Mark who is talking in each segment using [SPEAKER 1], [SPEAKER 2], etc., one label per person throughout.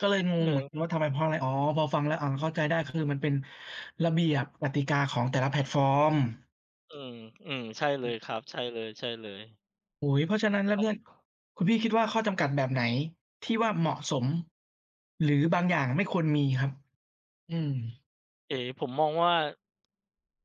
[SPEAKER 1] ก็เลยง
[SPEAKER 2] เอ
[SPEAKER 1] ง
[SPEAKER 2] อ
[SPEAKER 1] เห
[SPEAKER 2] ค
[SPEAKER 1] มือน
[SPEAKER 2] รับ
[SPEAKER 1] กันว่า ทำไม? เพราะอะไร? อ๋อ พอฟังแล้ว อ๋อ เข้าใจได้ คือมันเป็นระเบียบกติกาของแต่ละแพลตฟอร์ม
[SPEAKER 2] อืม ๆ ใช่เล
[SPEAKER 1] อื
[SPEAKER 2] ย
[SPEAKER 1] อ
[SPEAKER 2] ค
[SPEAKER 1] ฮ
[SPEAKER 2] รั
[SPEAKER 1] ึ
[SPEAKER 2] บ ใช่เลย ๆ
[SPEAKER 1] โอ้โฮ เพราะฉะนั
[SPEAKER 2] ป
[SPEAKER 1] ้
[SPEAKER 2] ิ
[SPEAKER 1] น
[SPEAKER 2] ด
[SPEAKER 1] แล้
[SPEAKER 2] ค
[SPEAKER 1] ว
[SPEAKER 2] รั
[SPEAKER 1] เ
[SPEAKER 2] บ
[SPEAKER 1] นี่ย คุณพี่คิดว่า ข้อจำกัดแบบไหนที่ว่าเหมาะสม หรือบางอย่างไม่ควรมีครับ? อืม
[SPEAKER 2] เอ๊ ผมมองว่า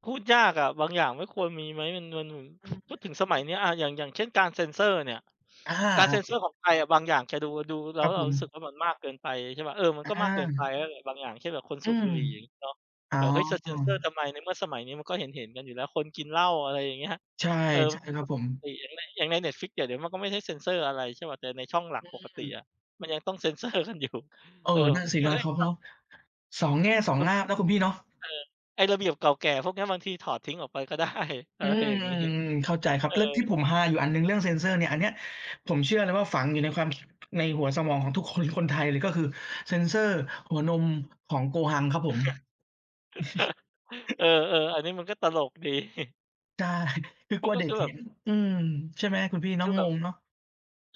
[SPEAKER 2] พูดยากอะ บางอย่างไม่ควรมีไหม? อือ เงิน
[SPEAKER 1] อือฮ
[SPEAKER 2] พู
[SPEAKER 1] ึ
[SPEAKER 2] ดถึงสมัยเนี้ย อะ อย่าง อย่างเช่น การเซนเซอร์เนี่ย
[SPEAKER 1] อา
[SPEAKER 2] การเซนเ
[SPEAKER 1] อ
[SPEAKER 2] ซอ
[SPEAKER 1] า ๆ
[SPEAKER 2] ร์ของไทยอะบางอย่าง แกดู ดูแล
[SPEAKER 1] ค
[SPEAKER 2] ้
[SPEAKER 1] รั
[SPEAKER 2] ว
[SPEAKER 1] บ
[SPEAKER 2] เร
[SPEAKER 1] ผ
[SPEAKER 2] าร
[SPEAKER 1] ม
[SPEAKER 2] ู้สึกว่า มันมากเกินไป ใช่เปล่า เออ มัน
[SPEAKER 1] อ
[SPEAKER 2] ก็มากเกินไป
[SPEAKER 1] า
[SPEAKER 2] นั่นแหละบางอย่าง เช่น แบบคน
[SPEAKER 1] อ
[SPEAKER 2] ส
[SPEAKER 1] ื
[SPEAKER 2] ูบ
[SPEAKER 1] ม
[SPEAKER 2] บุหรี่อย่างนี้เนาะ
[SPEAKER 1] อ๋อ
[SPEAKER 2] แบบ เฮ้ย จะเซนเซอร์ทำไม ในเมื่อสมัยนี้มันก็เห็น ๆ กันอยู่แล้ว คนกินเหล้า อะไรอย่างเงี้ย
[SPEAKER 1] ใช่
[SPEAKER 2] เออ
[SPEAKER 1] ใ
[SPEAKER 2] ม
[SPEAKER 1] ช
[SPEAKER 2] ั
[SPEAKER 1] ่
[SPEAKER 2] นเป็น
[SPEAKER 1] ค
[SPEAKER 2] เ
[SPEAKER 1] ร
[SPEAKER 2] รื
[SPEAKER 1] ั
[SPEAKER 2] ่
[SPEAKER 1] บ
[SPEAKER 2] อง
[SPEAKER 1] ผ
[SPEAKER 2] ป
[SPEAKER 1] ม
[SPEAKER 2] กตินั่นแหละ อย่างใน Netflix เดี๋ยวนี้เขาก็ไม่ได้เซนเซอร์อะไร ใช่เปล่า แต่ในช่องหลั
[SPEAKER 1] อ
[SPEAKER 2] กปกติ
[SPEAKER 1] ืม
[SPEAKER 2] อะ มันยังต้อง เซนเซอร์กันอยู่
[SPEAKER 1] เออ
[SPEAKER 2] เออ ผ
[SPEAKER 1] น
[SPEAKER 2] ม
[SPEAKER 1] ั่น
[SPEAKER 2] ก็
[SPEAKER 1] สิ
[SPEAKER 2] คิดว
[SPEAKER 1] น
[SPEAKER 2] ่
[SPEAKER 1] ะ
[SPEAKER 2] า เฮ้
[SPEAKER 1] เข
[SPEAKER 2] ย
[SPEAKER 1] า
[SPEAKER 2] ก
[SPEAKER 1] เ
[SPEAKER 2] ็
[SPEAKER 1] นาะ สองแง่สอ
[SPEAKER 2] เ
[SPEAKER 1] ง
[SPEAKER 2] ออ
[SPEAKER 1] ง่ามนะคุณพี่เนาะ
[SPEAKER 2] เออ ไอ้ระเบียบเก่าแก่พวกเนี้ย บางทีถอดทิ้งออกไป ก็ได้ อะ
[SPEAKER 1] อื
[SPEAKER 2] ไร
[SPEAKER 1] ม
[SPEAKER 2] อย่างงี้
[SPEAKER 1] เข้าใจครั
[SPEAKER 2] เอ
[SPEAKER 1] บ
[SPEAKER 2] อ
[SPEAKER 1] เรื่องที่ผมฮาอยู่อันหนึ่งเรื่องเซนเซอร์เนี่ย อันเนี้ยผมเชื่อเลยว่า ฝังอยู่ในความคิด ในหัวสมองของทุกคน คนไทยเลย ก็คือเซนเซอร์หัวนมของโกฮังครับผม
[SPEAKER 2] เออ ๆ อันนี้มันก็ตลก ดี
[SPEAKER 1] ได้ คือ
[SPEAKER 2] ม
[SPEAKER 1] ก
[SPEAKER 2] ั
[SPEAKER 1] ลั
[SPEAKER 2] น
[SPEAKER 1] ว
[SPEAKER 2] ก็
[SPEAKER 1] เด็
[SPEAKER 2] ค
[SPEAKER 1] ก
[SPEAKER 2] ือแ
[SPEAKER 1] เ
[SPEAKER 2] บ
[SPEAKER 1] ห็
[SPEAKER 2] บ
[SPEAKER 1] น อืม ใช่ไหม? คุณพี่เ
[SPEAKER 2] ค
[SPEAKER 1] นา
[SPEAKER 2] ื
[SPEAKER 1] ะ
[SPEAKER 2] อแ
[SPEAKER 1] ง
[SPEAKER 2] บบ
[SPEAKER 1] งเนาะ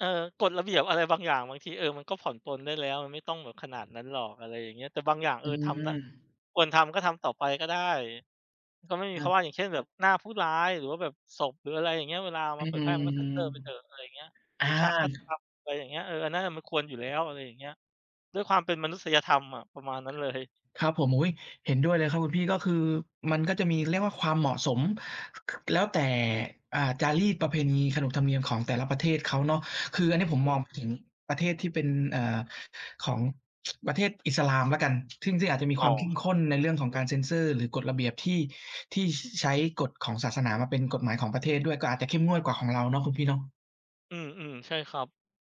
[SPEAKER 2] เออ กฎระเบียบอะไรบางอย่างบางที เออ มันก็ผ่อนปรนได้แล้ว มันไม่ต้องแบบขนาดนั้นหรอก อะไรอย่างเงี้ย แต่บางอย่าง เ
[SPEAKER 1] อ
[SPEAKER 2] อ
[SPEAKER 1] ื
[SPEAKER 2] อ ทำนะ
[SPEAKER 1] ม
[SPEAKER 2] ควรทำก็ทำต่อไปก็ได้ ก็ไม่มี
[SPEAKER 1] ค
[SPEAKER 2] เ
[SPEAKER 1] ร
[SPEAKER 2] พร
[SPEAKER 1] ั
[SPEAKER 2] า
[SPEAKER 1] บ
[SPEAKER 2] ะว่า อย่างเช่น แบบหน้าผู้ร้าย หรือว่าแบบศพ หรืออะไรอย่างเงี้ย เวลาเอา
[SPEAKER 1] อ
[SPEAKER 2] ม
[SPEAKER 1] ื้
[SPEAKER 2] า
[SPEAKER 1] อ
[SPEAKER 2] เผ
[SPEAKER 1] ฮ
[SPEAKER 2] ย
[SPEAKER 1] ื
[SPEAKER 2] แพร
[SPEAKER 1] อ
[SPEAKER 2] ่ มันก็เซนเซอร์ไปเถอะ อะไรอย่างเงี้ย
[SPEAKER 1] อ
[SPEAKER 2] หร
[SPEAKER 1] า
[SPEAKER 2] ือฉากฆาตกรรม อะไรอย่างเงี้ย เออ อันนั้นอะมันควรอยู่แล้ว อะไรอย่างเงี้ย ด้วยความเป็นมนุษยธรรมอะ ประมาณนั้นเลย
[SPEAKER 1] ครับผม อุ๊ย เห็นด้วยเลยครับคุณพี่ ก็คือมันก็จะมีเรียกว่าความเหมาะสม ค แล้วแต่ อ่า จารีตประเพณี ขนบธรรมเนียมของแต่ละประเทศเขาเนาะ คืออันเนี้ยผม
[SPEAKER 2] อื
[SPEAKER 1] มอ
[SPEAKER 2] ม
[SPEAKER 1] งถึงประเทศที่เป็น เอ่อ ของ ประเทศอิสลามแล้วกัน ซึ่ง ซึ่งอาจจะมี
[SPEAKER 2] อ
[SPEAKER 1] คว
[SPEAKER 2] ๋อ
[SPEAKER 1] ามเข้ม
[SPEAKER 2] ค
[SPEAKER 1] ข
[SPEAKER 2] รับ
[SPEAKER 1] ้นในเรื่องของเซนเซอร์ หรือกฎระเบียบที่ ที่ ช ใช้กฎของศาสนามาเป็นกฎหมายของประเทศด้วย ก็อาจจะเข้มงวดกว่าของเราเนาะคุณพี่เนาะ
[SPEAKER 2] อืม ๆ ใช่ครับ